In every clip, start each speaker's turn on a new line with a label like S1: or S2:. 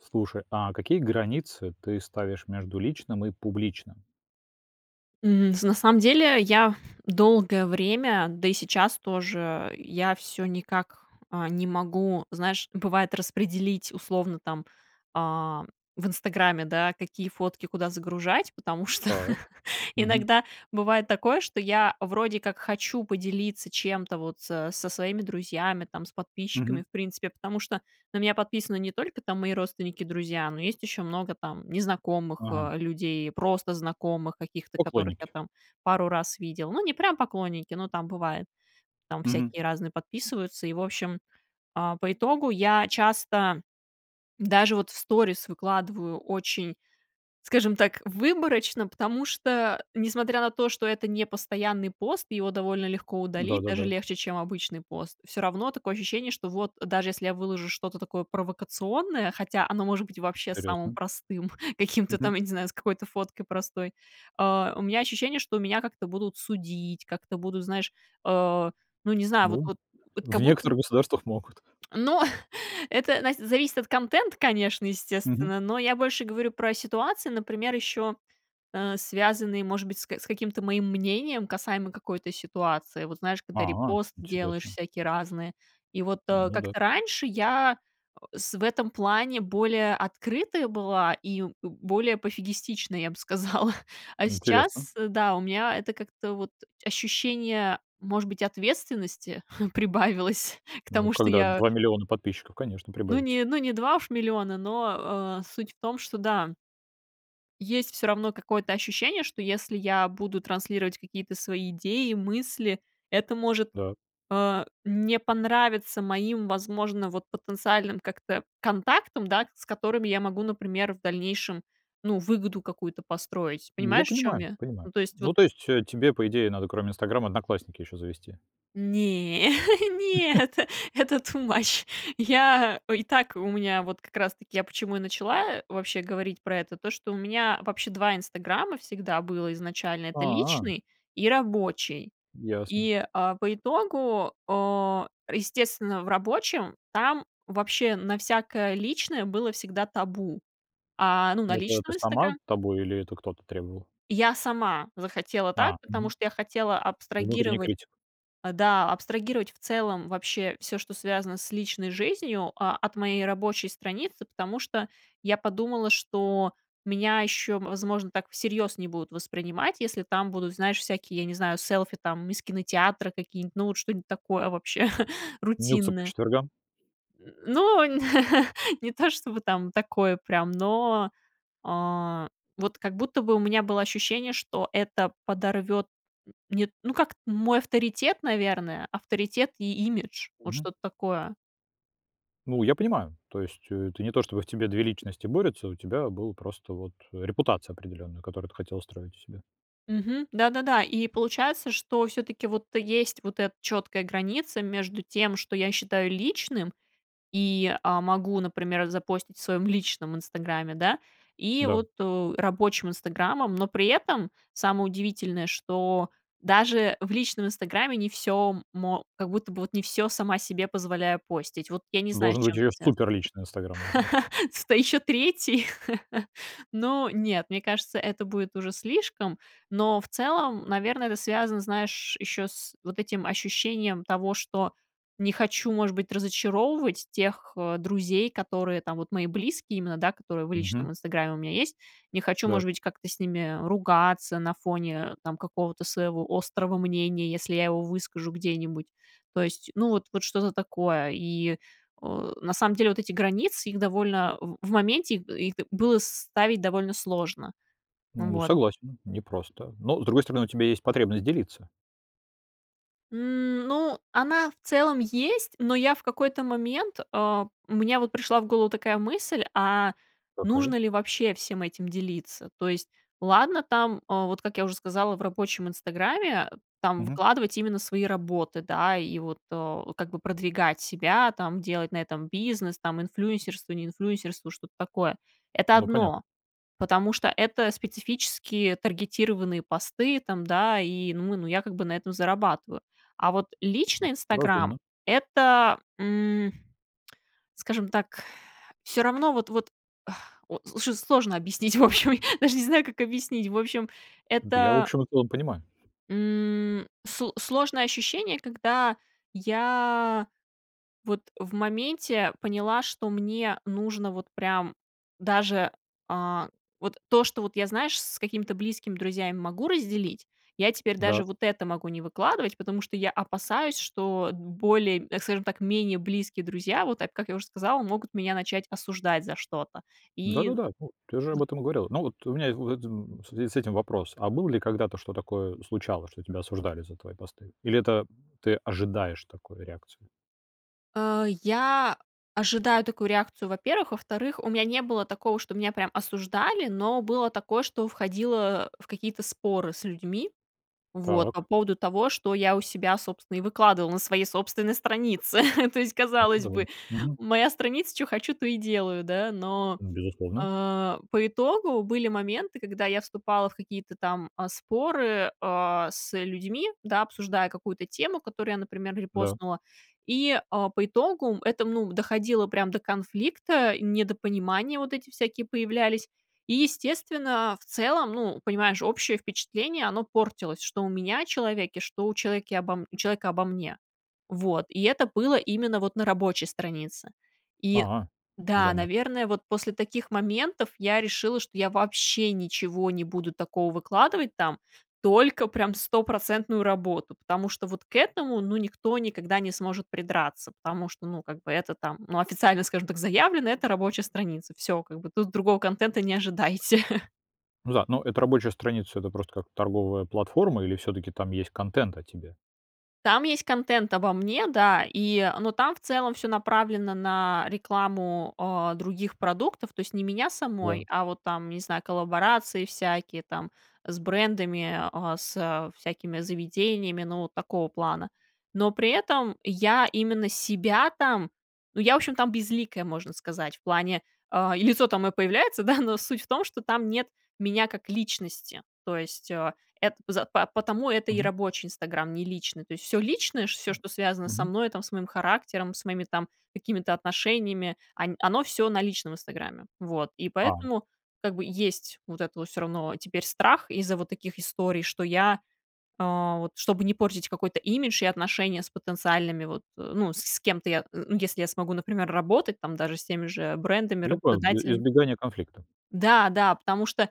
S1: Слушай, а какие границы ты ставишь между личным и публичным?
S2: М, с на на самом деле, я долгое время, да и сейчас тоже, я всё никак, а, не могу, знаешь, бывает, распределить, условно, там, а, в "Инстаграме", да, какие фотки куда загружать. Потому что
S1: Так. Мгм.
S2: иногда бывает такое, что я вроде как хочу поделиться чем-то, вот, со со своими друзьями, там, с подписчиками,
S1: Мгм.
S2: в принципе. Потому что на меня подписаны не только, там, мои родственники, друзья, но есть еще много там незнакомых,
S1: Ага.
S2: а, людей, просто знакомых каких-то, которых я
S1: Поклонники.
S2: там пару раз видела. Ну, не прям поклонники, но там бывает. Там
S1: Мгм.
S2: всякие разные подписываются. И, в общем, а, по итогу я часто даже, вот, в сторис выкладываю очень, скажем так, выборочно. Потому что, несмотря на то, что это непостоянный пост, его довольно легко удалить, даже
S1: Да-да-да.
S2: легче, чем обычный пост. Всё равно такое ощущение, что, вот, даже если я выложу что-то такое провокационное, хотя оно может быть вообще самым
S1: Интересно.
S2: простым, каким-то
S1: Мгм.
S2: там, я не знаю, с какой-то фоткой простой. А, у меня ощущение, что меня как-то будут судить, как-то будут, знаешь, а, ну, не знаю, вот
S1: Ну, м,
S2: вот вот,
S1: в
S2: как будто
S1: некоторых государствах могут.
S2: Но это, нась зависит от контента, конечно,
S1: Мгм.
S2: естественно. Но я больше говорю про ситуации, например, еще, э, связанные, может быть, с ка каким-то моим мнением касаемо какой-то ситуации. Вот, знаешь, когда
S1: А,
S2: репосты делаешь
S1: интересно.
S2: всякие разные. И, вот,
S1: А,
S2: а,
S1: ну да.
S2: как-то раньше я, с в этом плане более открытая была и более пофигистичная, я бы сказала. А
S1: Интересно.
S2: сейчас, э, да, у меня это как-то, вот, ощущение, может быть, ответственности прибавилось к
S1: Ну,
S2: тому, что
S1: когда
S2: я
S1: 2 000 000 подписчиков конечно
S2: Ну,
S1: прибавится.
S2: не ну, не 2 уж миллиона, но, а, суть в том, что, да Есть всё равно какое-то ощущение, что, если я буду транслировать какие-то свои идеи, мысли, это может,
S1: Да.
S2: а, не понравиться моим, возможно, вот, потенциальным как-то контактам, да, с которыми я могу, например, в дальнейшем, ну, выгоду какую-то построить.
S1: Ну, я
S2: Понимаешь, о чем
S1: понимаю
S2: я?
S1: понимаю.
S2: Ну, то есть,
S1: Ну,
S2: вот
S1: то есть, э, тебе, по идее, надо, кроме, "Инстаграма", "Одноклассники" ещё завести?
S2: Не, нет, это ту мач. Я, ой, и так у меня, вот, как раз-таки я почему и начала, э, вообще говорить про это, то, что у меня вообще 2" Инстаграма" всегда было изначально. Это
S1: А.
S2: личный и рабочий.
S1: Ясно.
S2: И, а, по итогу, а, естественно, в рабочем там вообще на всякое личное было всегда табу. А, ну, на
S1: Это ты
S2: личном
S1: сама
S2: "Инстагра"
S1: табу или это кто-то требовал?
S2: Я сама захотела так,
S1: А.
S2: потому
S1: Мгм.
S2: что я хотела
S1: Внутренний
S2: абстрагировать
S1: критик.
S2: А, да, абстрагировать в целом вообще всё, что связано с личной жизнью, а, от моей рабочей страницы. Потому что я подумала, что меня еще, возможно, так всерьез не будут воспринимать, если там будут, знаешь, всякие, я не знаю, селфи, там, из кинотеатра какие-нибудь, ну, вот, что-нить такое, вообще,
S1: Нюдсы по
S2: рутинное.
S1: четвергам.
S2: М, ну, не то чтобы там такое прям, но, а, вот, как будто бы у меня было ощущение, что это подорвет, нет, ну, как, мой авторитет, наверное, авторитет имидж, вот,
S1: Мгм.
S2: что-то такое.
S1: Ну, я понимаю. То есть, э, это не то, чтобы в тебе две личности борются, у тебя был просто, вот, репутация определённая, которую ты хотела строить у себя.
S2: Мгм. Да-да-да. И получается, что всё-таки, вот, есть вот эта четкая граница между тем, что я считаю личным. И, а, могу, например, запостить в своем личном "Инстаграме", да. И
S1: Да.
S2: вот, у рабочим "Инстаграмом", но при этом самое удивительное, что даже в личном "Инстаграме" не всё мо как будто бы вот не всё сама себе позволяю постить. Вот я не знаю, с
S1: Должен быть
S2: чем это
S1: её супер
S2: связано.
S1: личный "Инстаграм", должен быть.
S2: Сюда еще 3? Ну, нет. Мне кажется, это будет уже слишком, но, в целом, наверно, это связано, знаешь, еще с вот этим ощущением того, что не хочу, может быть, разочаровывать тех, э, друзей, которые там, вот, мои близкие именно, да, которые в
S1: Мгм.
S2: личном "Инстаграме" у меня есть. Не хочу,
S1: Да.
S2: может быть, как-то с ними ругаться на фоне, там, какого-то своего острого мнения, если я его выскажу где-нибудь. То есть, ну, вот, вот, что-то такое. И, а, на самом деле, вот эти границы, их довольно в в моменте, их их, да, было ставить довольно сложно. Ну
S1: Ну,
S2: вот.
S1: согласен, м, не просто. Но с другой стороны, у тебя есть потребность делиться.
S2: М, ну, она в целом есть, но я в какой-то момент, а, у меня, вот, пришла в голову такая мысль: "А нужно
S1: Какая?
S2: ли вообще всем этим делиться?" То есть, ладно там, а, вот, как я уже сказала, в рабочем "Инстаграме", там
S1: Мгм.
S2: выкладывать именно свои работы, да, и вот, а, как бы, продвигать себя. Там, делать на этом бизнес, там, инфлюенсерство, не инфлюенсерство, что-то такое. Это
S1: Ну понятно.
S2: одно. Потому что это специфические таргетированные посты, там, да, и ну ну я, как бы, на этом зарабатываю, а вот
S1: М,
S2: личный "Инстаграм"-
S1: разумно.
S2: это, м, скажем так Всё равно, вот вот, а, очень сложно объяснить, в общем, даже не знаю, как объяснить, в общем,
S1: Да я, в
S2: это
S1: общем-то, понимаю.
S2: м, с сложное ощущение, когда я, вот, в моменте поняла, что мне нужно, вот, прям даже, а, вот, то, что вот я, знаешь, с какими-то близкими друзьями могу разделить, я теперь
S1: Да.
S2: даже, вот, это могу не выкладывать. Потому что я опасаюсь, что д более, э, так скажем так, менее близкие друзья, вот так, как я уже сказала, могут меня начать осуждать за что-то. И,
S1: Да-да-да. Ну, ты же
S2: з
S1: об этом говорила. Но вот у меня, [unintelligible] в связи с этим вопрос: а было ли когда-то, что такое, э, случалось, что тебя осуждали за твои посты или это, ты ожидаешь такой реакцию?
S2: А, я ожидаю такую реакцию, во-первых, во-вторых, у меня не было такого, что меня прям осуждали. Но было такое, что входило в какие-то споры с людьми. Вот. По
S1: Так.
S2: поводу того, что я у себя, собственно, и выкладывала на своей собственной странице. То есть,
S1: А, ну
S2: казалось
S1: да.
S2: бы,
S1: Мгм.
S2: моя страница, чё хочу, то и делаю, да. Но,
S1: Безусловно.
S2: а, по итогу были моменты, когда я вступала в какие-то там, а, споры, а, с людьми, да, обсуждая какую-то тему, которую я, например,
S1: Да.
S2: репостнула. И, а, по итогу это, м, ну, доходило прям до конфликта, недопонимания вот эти всякие появлялись. И, естественно, а, в целом, ну, понимаешь, общее впечатление, оно портилось, что у меня о человеке, что у человеке обо у человека обо мне. Вот, и это было именно, вот, на рабочей странице. И,
S1: А.
S2: да,
S1: Занят.
S2: наверное, вот после таких моментов я решила, что я вообще ничего не буду такого выкладывать там, только прям стопроцентную работу, потому что, вот, к этому, ну, никто никогда не сможет придраться. Потому что, ну, как бы, это там, ну, официально, скажем так, заявлено, это рабочая страница, всё, как бы. Тут другого контента не ожидайте.
S1: В за ну эта рабочая страница- это просто как торговая платформа? Или, всё-таки, там есть контент о тебе?
S2: Там есть контент обо мне, да, и, но там в целом всё направлено на рекламу, э, других продуктов. То есть не меня самой,
S1: Да.
S2: а вот там, не знаю, коллаборации всякие там с брендами, э, с, э, всякими заведениями. Ну вот такого плана. Но при этом я именно себя там Ну, я, в общем, там безликая, можно сказать, в плане, э, и лицо там моё появляется, да, но суть в том, что там нет меня как личности. То есть, э, эт поза па потому это и
S1: Мгм.
S2: рабочий "Инстаграм", не личный. То есть, всё личное, ш всё, что связано со
S1: Мгм.
S2: мной, там, с моим характером, с моими там какими-то отношениями, они, оно всё на личном "Инстаграме". Вот, и
S1: А.
S2: поэтому, как бы, есть вот это вот всё равно теперь страх из-за вот таких историй, что я, э вот, чтобы не портить какой-то имидж и отношения с потенциальными вот, э, ну, с с кем-то я, ну если я смогу, например, работать там, даже с теми же брендами,
S1: Я понял и
S2: работодателями
S1: избегание конфликта.
S2: Да, да, потому что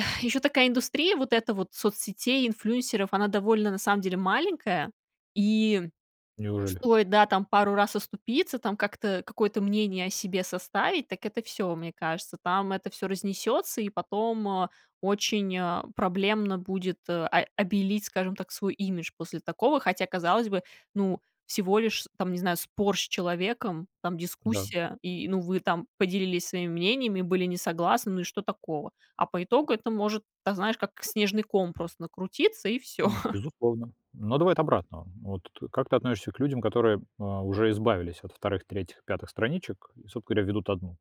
S2: ещё такая индустрия, вот эта вот соцсетей, инфлюенсеров, она довольно, на самом деле, маленькая. И
S1: Неужели?
S2: стоит, да, там пару раз оступиться, там как-то какое-то мнение о себе составить, так это всё, мне кажется, там это всё разнесётся, и потом, э, очень, э, проблемно будет, э, о обелить, скажем так, свой имидж после такого. Хотя, казалось бы, ну, всего лишь, с там, не знаю, спор с человеком, там,
S1: Да.
S2: дискуссия, и ну вы там поделились своими мнениями, были не согласны, ну, и что такого? А по итогу это может так, знаешь, как снежный ком просто накрутиться и всё.
S1: М. Безусловно. Но давай от обратного. Вот т как ты относишься к людям, которые, э, уже избавились от 2, 3, 5 страничек и, собственно говоря, ведут 1?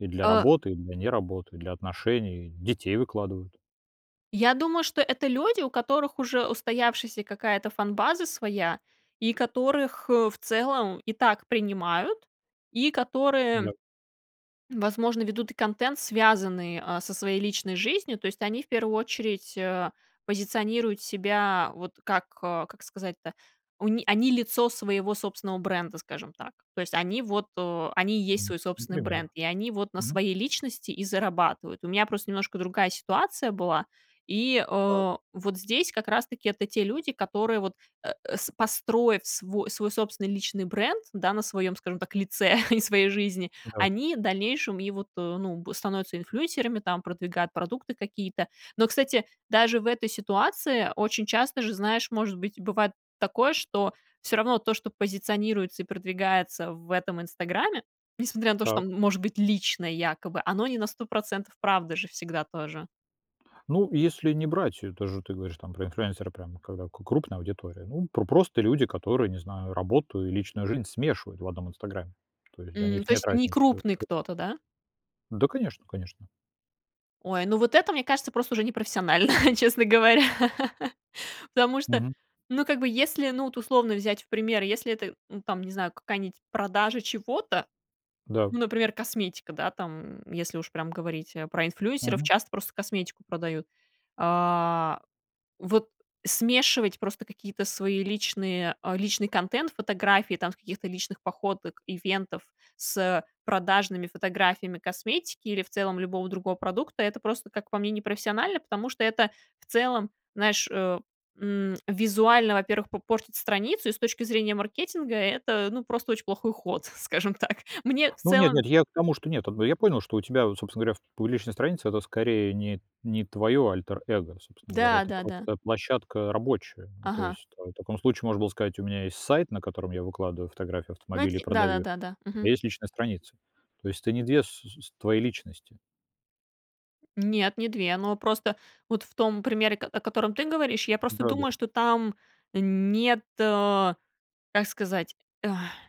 S1: И для
S2: Э
S1: работы, и для не работы, и для отношений, детей выкладывают.
S2: Я думаю, что это люди, у которых уже устоявшаяся какая-то фан-база своя, и которых, э, в целом и так принимают, и
S1: Ну
S2: которые,
S1: да.
S2: возможно, ведут и контент, связанный, э, со своей личной жизнью. То есть, они в первую очередь, э, позиционируют себя вот как, э, как сказать-то? У ни они лицо своего собственного бренда, скажем так. То есть, они вот о они и есть
S1: М,
S2: свой собственный
S1: например.
S2: бренд, и они вот на
S1: Мгм.
S2: своей личности и зарабатывают. У меня просто немножко другая ситуация была. И,
S1: Так.
S2: э, вот здесь как раз-таки это те люди, которые вот, э, с построив сво свой собственный личный бренд, да, на своём, скажем так, лице и своей жизни,
S1: Да.
S2: они дальнейшем и вот, э, ну в становятся инфлюенсерами, там, продвигают продукты какие-то. Но, кстати, даже в этой ситуации очень часто же, знаешь, может быть, бывает такое, что всё равно то, что позиционируется и продвигается в этом "Инстаграме", несмотря на то, что
S1: Так.
S2: там может быть личное якобы, оно не на 100% правда же всегда тоже.
S1: Ну, если не брать, это же ты говоришь, там, про инфлюенсера прямо, когда к крупная аудитория, ну, п просто люди, которые, не знаю, работу и личную жизнь смешивают в одном "Инстаграме". То есть для
S2: М,
S1: них
S2: то
S1: нет
S2: есть
S1: разницы. У них
S2: некрупный
S1: эту
S2: кто-то, да?
S1: Да, конечно конечно.
S2: Ой, ну вот это, мне кажется, просто уже непрофессионально, честно говоря, потому что
S1: Мгм.
S2: Ну, как бы, если, ну вот, условно взять в пример, если это, м, там, не знаю, какая-нибудь продажа чего-то,
S1: Да.
S2: ну, например, косметика, да, там, м, если уж прям говорить о про инфлюэнсеров,
S1: Мгм.
S2: часто просто косметику продают. А, вот смешивать просто какие-то свои личные о личный контент, фотографии там с каких-то личных походок, ивентов с, э, продажными фотографиями косметики или в целом любого другого продукта- это просто, как по мне, непрофессионально. Потому что это в целом, знаешь, э, м, визуально, во-первых, по портит страницу, и с точки зрения маркетинга это- ну, просто очень плохой ход, скажем так. Мне в
S1: Ну, нет,
S2: целом
S1: нет. Я к тому, что нет ат бы. Я понял, что у тебя, вот, собственно говоря, ф публичная страница- это, скорее, нет не твоё альтер эго, собственно говоря,
S2: Да,
S1: это
S2: да-да.
S1: просто площадка рабочая. Ну, то
S2: Ага.
S1: есть, там, в та в таком случае можно было сказать: "У меня есть сайт, на котором я выкладываю фотографии
S2: Найт
S1: автомобилей и продаю их,
S2: Да-да-да-да,
S1: а
S2: мгм.
S1: есть личная страница". То есть ты не две ссу сус твои личности.
S2: Нет, не 2 Но просто вот в том примере, ко о котором ты говоришь, я просто
S1: Да-да.
S2: думаю, что там нет, а, как сказать?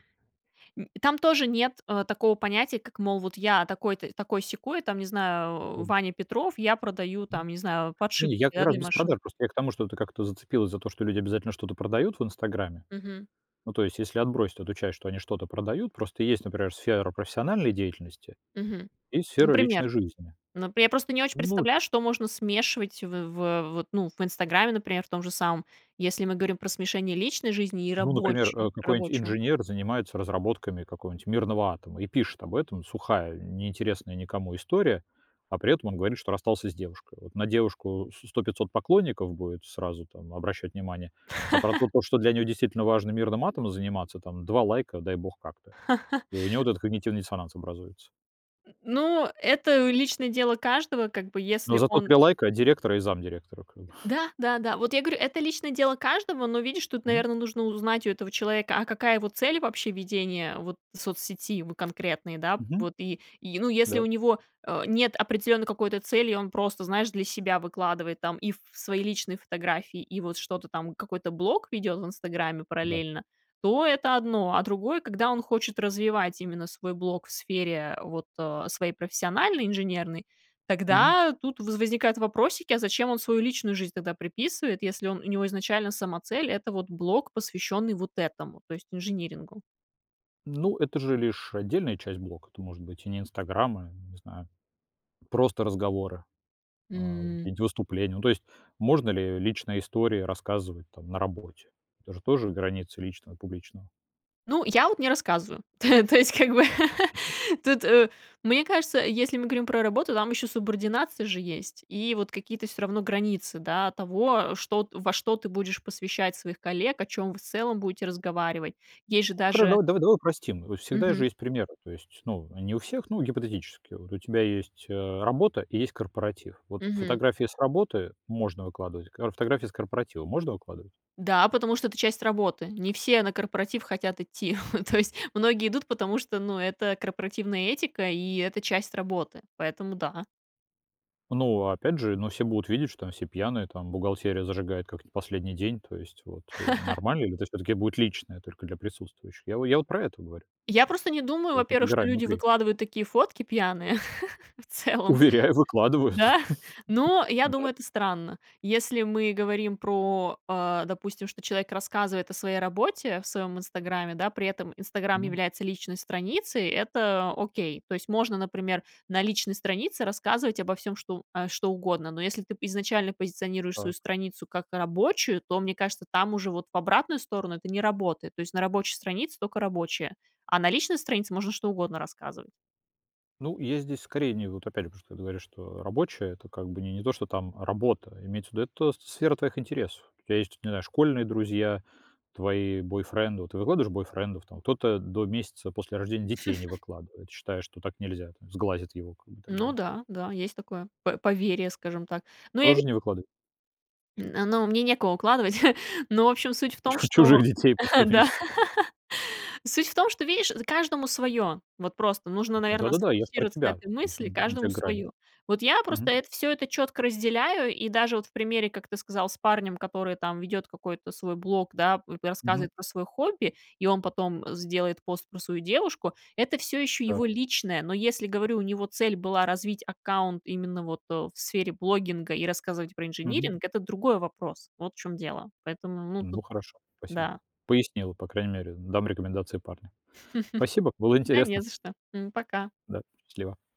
S2: Нь там тоже нет, э, такого понятия, как, мол, вот я такой-то, такой-сякой, там, не знаю, а,
S1: Абсолютно.
S2: Ваня Петров, я продаю,
S1: М.
S2: там, не знаю,
S1: Не не,
S2: подшипники,
S1: я как
S2: да,
S1: раз
S2: для
S1: без
S2: машин.
S1: продаж. Просто я к тому, что ты как-то зацепилась за то, что люди обязательно что-то продают в "Инстаграме".
S2: Мгм.
S1: Ну, то есть если отбросить эту часть, что они что-то продают, просто есть, например, сфера профессиональной деятельности
S2: Мгм.
S1: и сфера
S2: Например?
S1: личной жизни.
S2: Ну, п я просто не очень
S1: Ну
S2: представляю, что можно смешивать в в вот, ну, в "Инстаграме", например, в том же самом. Если мы говорим про смешение личной жизни и
S1: Ну, например, э,
S2: рабочей
S1: какой-нибудь
S2: рабочего.
S1: инженер занимается разработками какого-нибудь мирного атома и пишет об этом. Сухая, не интересная никому история, а при этом он говорит, что расстался с девушкой. Вот на девушку со 100 500 поклонников будет сразу, там, обращать внимание. А про то, то, что для него действительно важно мирным атомом заниматься, там, 2 лайка, дай бог как-то. И у него вот этот когнитивный диссонанс образуется.
S2: Н ну, это личное дело каждого, как бы,
S1: Но
S2: если
S1: зато
S2: он
S1: 3 лайка директора и замдиректора, как бы.
S2: Да-да-да, вот я говорю, это личное дело каждого, но, видишь, тут,
S1: Мгм.
S2: наверное, нужно узнать у этого человека: а какая его цель вообще ведения вот соцсети, в конкретной, да?
S1: Мгм.
S2: Вот. И и, ну, если
S1: Да.
S2: у него, э, нет определённой какой-то цели, и он просто, знаешь, для себя выкладывает там и ф свои личные фотографии, и вот что-то там, какой-то блог ведёт в "Инстаграме"
S1: Да.
S2: параллельно, то это одно. А другое, когда он хочет развивать именно свой блог в сфере вот, э, своей профессиональной, инженерной,
S1: Мгм.
S2: тогда тут во возникают вопросики: а зачем он свою личную жизнь тогда приписывает, если он у него изначально сама цель- это вот блог, посвящённый вот этому, то есть инжинирингу.
S1: Ну, это же лишь отдельная часть блока. Это может быть и не "Инстаграм", а, не знаю, просто разговоры, а,
S2: М.
S1: какие-нибудь выступления. Ну, то есть можно ли личные истории рассказывать там на работе? Это же тоже границы личного и публичного.
S2: Ну, я вот не рассказываю. То то есть, как бы, тут, мне кажется, если мы говорим про работу, там еще субординация же есть и вот какие-то всё равно границы, да, того, что во что ты будешь посвящать своих коллег, о чем вы в целом будете разговаривать. Есть же
S1: [unintelligible] Хоро
S2: даже
S1: дава давай упростим. Вот всегда же
S2: Мгм.
S1: есть примеры, то есть, ну, не у всех, но гипотетически. Вот у тебя есть, э, работа и есть корпоратив. Вот
S2: Мгм.
S1: фотографии с работы можно выкладывать, а фотографии с корпоратива можно выкладывать?
S2: Да, потому что это часть работы, не все на корпоратив хотят идти. То есть многие идут, потому что, ну, это корпоративная этика, и это часть работы, поэтому да.
S1: Ну, опять же, ну, все будут видеть, что там все пьяные, там, бухгалтерия зажигает как не последний день, то есть вот, э, нормально? Или тоже всё-таки будет личное, только для присутствующих? Я во я вот про это говорю.
S2: Я просто не думаю,
S1: Только
S2: во-первых, что
S1: добирай
S2: люди
S1: внутри.
S2: выкладывают такие фотки пьяные в целом.
S1: Уверяю, выкладывают.
S2: Да? Но, я
S1: Да.
S2: думаю, это странно. Если мы говорим про, а, допустим, что человек рассказывает о своей работе в своем "Инстаграме", да, при этом "Инстаграм"
S1: Мгм.
S2: является личной страницей, это окей. То есть можно, например, на личной странице рассказывать обо всём, что а, что угодно. Но если ты изначально позиционируешь свою
S1: Так.
S2: страницу как рабочую, то, мне кажется, там уже вот в обратную сторону это не работает. То есть на рабочей странице только рабочая, а на личной странице можно что угодно рассказывать.
S1: Ну, есть здесь скорее, не ну, вот опять же, потому что ты говоришь, что рабочая- это как бы не не то что там работа, имеется в виду, это сфера твоих интересов. У тя есть, не знаю, школьные друзья, твои бойфренды. Ты выкладываешь бойфрендов там? Кто-то до месяца после рождения детей не выкладывает, считая, что так нельзя, там, сглазят его, как бы, и так
S2: Ну
S1: далее.
S2: да, да, есть такое по поверье, скажем так, но я ви
S1: Тоже не выкладыва
S2: м, а, но мне некого укладывать, но, в общем, суть в том,
S1: Чух
S2: что,
S1: чужих детей
S2: да,
S1: после месяца.
S2: суть в том, что, видишь, з каждому свое. Вот просто нужно,
S1: Да,
S2: наверно,
S1: да, да, я ж про
S2: сфокусироваться на
S1: тебя.
S2: этой
S1: В общем,
S2: мысли:
S1: где
S2: каждому
S1: грань?
S2: свое. Вот я
S1: Мгм.
S2: просто это всё, это четко разделяю, и даже вот в примере, как ты сказал, с парнем, который там ведет какой-то свой блог, да, п
S1: Мгм.
S2: рассказывает про свое хобби, и он потом сделает пост про свою девушку- это всё еще
S1: Да.
S2: его личное. Но если, говорю, у него цель была развить аккаунт именно вот, э, в сфере блогинга и рассказывать про
S1: Мгм.
S2: инжиниринг- это другой вопрос, вот в чём дело. Поэтому, ну, тут
S1: Ну, хорошо, спасибо.
S2: да.
S1: Пояснила, по крайней мере, дам рекомендации парню. Спасибо, было
S2: Да
S1: интересно.
S2: не за что. М, пока.
S1: Да. Счастливо.